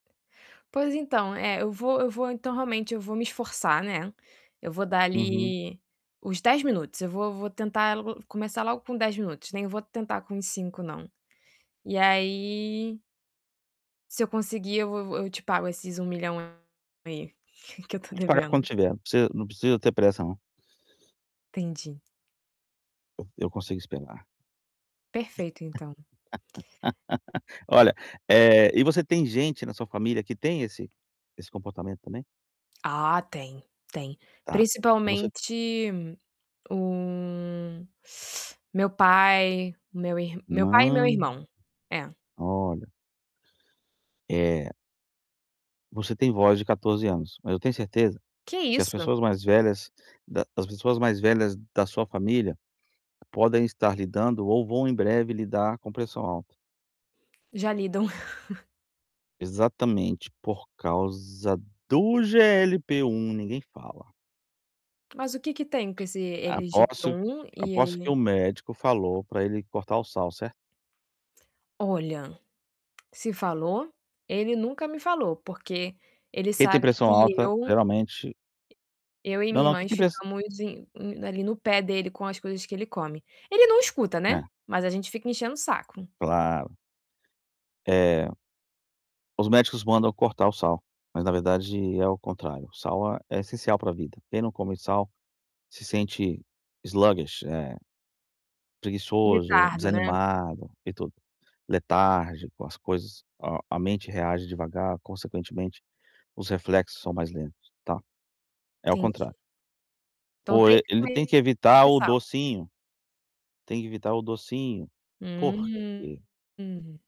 Pois então, é, eu vou eu vou então, realmente, eu vou me esforçar, né, eu vou dar Uhum. ali os 10 minutos. Eu vou vou tentar começar logo com 10 minutos, nem vou tentar com os 5 não. E aí se eu conseguir, eu vou vou eu te pago esses 1 milhão aí, que eu estou Pode pagar quando devendo. tiver, não precisa não precisa ter pressa não. Entendi. Eu eu consigo esperar. Perfeito, então. Olha, eh, e você tem gente na sua família que tem esse esse comportamento também? Ah tem, tem. Tá. O que você Principalmente, o meu pai, meu ir meu pai e meu Hã, irmão, é. olha. É você tem voz de 14 anos, mas eu tenho certeza Que que as isso? pessoas mais velhas da as pessoas mais velhas da sua família podem estar lidando ou vão em breve lidar com pressão alta. Já lidam. Exatamente por causa do GLP1, ninguém fala. Mas o que que tem com esse GLP Aposto 1 que e aposto que o aí médico falou para ele cortar o sal, certo? Olha, se falou, ele nunca me falou, porque ele Quem tem sabe pressão que alta, eu geralmente eu e Não, minha não, quem irmãs tem pres ficamos em em ali no pé dele com as coisas que ele come. Ele não escuta, né, É. mas a gente fica enchendo o saco. Claro. Eh os médicos mandam cortar o sal, mas, na verdade, é o contrário, o sal é é essencial para vida, quem não come sal, se sente sluggish, eh, preguiçoso, Litardo, né? desanimado, e tudo, letárgico às coisas, a a mente reage devagar, consequentemente, os reflexos são mais lentos, tá. É ao Entendi. contrário. Então, Pô, tem que ele tem que comer evitar o sal? docinho, tem que evitar o docinho. Por quê? Hum!